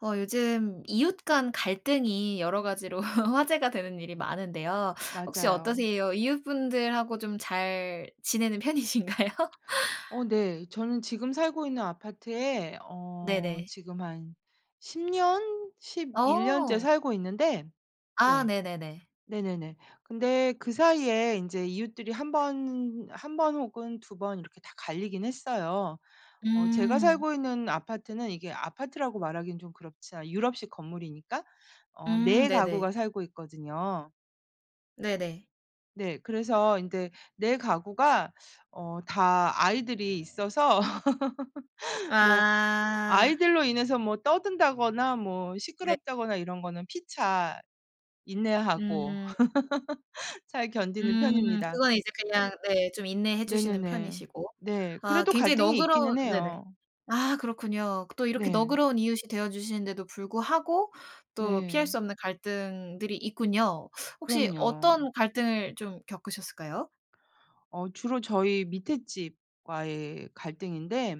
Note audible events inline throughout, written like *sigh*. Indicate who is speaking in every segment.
Speaker 1: 어 요즘 이웃 간 갈등이 여러 가지로 화제가 되는 일이 많은데요. 혹시
Speaker 2: 맞아요.
Speaker 1: 어떠세요? 이웃분들하고 좀 잘 지내는 편이신가요?
Speaker 2: 어 네 저는 지금 살고 있는 아파트에 어
Speaker 1: 네네.
Speaker 2: 지금 한 10 년 11 년째
Speaker 1: 어.
Speaker 2: 살고 있는데.
Speaker 1: 아
Speaker 2: 네.
Speaker 1: 네네네.
Speaker 2: 네네네. 근데 그 사이에 인제 이웃들이 1 번 1 번 혹은 2 번 이렇게 다 갈리긴 했어요. 어 제가
Speaker 1: 음.
Speaker 2: 살고 있는 아파트는 이게 아파트라고 말하긴 좀 그렇자 유럽식 건물이니까 어
Speaker 1: 음
Speaker 2: 4
Speaker 1: 네네.
Speaker 2: 가구가 살고 있거든요.
Speaker 1: 네네.
Speaker 2: 네 그래서 인제 4 가구가 어 다 아이들이 있어서 *laughs* 뭐
Speaker 1: 아.
Speaker 2: 아이들로 인해서 뭐 떠든다거나 뭐
Speaker 1: 네.
Speaker 2: 시끄럽다거나 이런 거는 피차 인내하고
Speaker 1: 음.
Speaker 2: *laughs* 잘 견디는
Speaker 1: 음
Speaker 2: 편입니다.
Speaker 1: 그거는 이제 그냥 네 좀 인내해 주시는
Speaker 2: 네네네.
Speaker 1: 편이시고.
Speaker 2: 네.
Speaker 1: 아
Speaker 2: 그래도
Speaker 1: 굉장히
Speaker 2: 갈등이
Speaker 1: 너그러운
Speaker 2: 있기는
Speaker 1: 네네.
Speaker 2: 해요.
Speaker 1: 아 그렇군요. 또 이렇게
Speaker 2: 네.
Speaker 1: 너그러운 이웃이 되어주시는데도 불구하고 또 피할
Speaker 2: 네.
Speaker 1: 수 없는 갈등들이 있군요. 혹시
Speaker 2: 그럼요.
Speaker 1: 어떤 갈등을 좀 겪으셨을까요?
Speaker 2: 어 주로 저희 밑에 집과의 갈등인데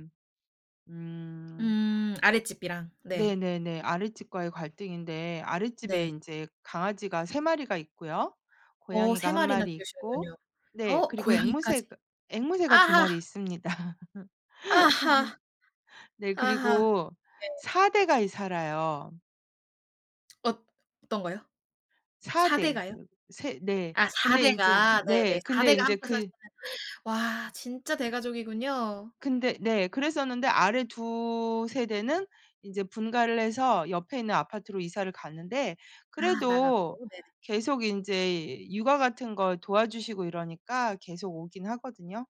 Speaker 2: 음.
Speaker 1: 음 아랫집이랑 네.
Speaker 2: 네네네. 아랫집과의 갈등인데 아랫집에
Speaker 1: 네.
Speaker 2: 인제 강아지가 3 마리가 있고요.
Speaker 1: 어 3
Speaker 2: 고양이가 1
Speaker 1: 마리나
Speaker 2: 마리 있고
Speaker 1: 키우시는군요.
Speaker 2: 네
Speaker 1: 어
Speaker 2: 그리고
Speaker 1: 고양이까지
Speaker 2: 앵무새가 앵무새가 2
Speaker 1: 아하.
Speaker 2: 마리 있습니다.
Speaker 1: 아하.
Speaker 2: 네
Speaker 1: 아하.
Speaker 2: 그리고
Speaker 1: 네.
Speaker 2: 4 대가 이 살아요.
Speaker 1: 엇 어떤 거요?
Speaker 2: 4
Speaker 1: 4 대
Speaker 2: 대.
Speaker 1: 가요?
Speaker 2: 세 네.
Speaker 1: 아 4
Speaker 2: 근데 인제
Speaker 1: 대가
Speaker 2: 네
Speaker 1: 네네. 4
Speaker 2: 근데
Speaker 1: 대가
Speaker 2: 인제
Speaker 1: 함께
Speaker 2: 그
Speaker 1: 사시는 와 진짜 대가족이군요.
Speaker 2: 근데 네 그랬었는데 아래 2 세대는 인제 분가를 해서 옆에 있는 아파트로 이사를 갔는데
Speaker 1: 아
Speaker 2: 그래도
Speaker 1: 나갔고 네네.
Speaker 2: 계속 인제 육아 같은 걸 도와주시고 이러니까 계속 오긴 하거든요.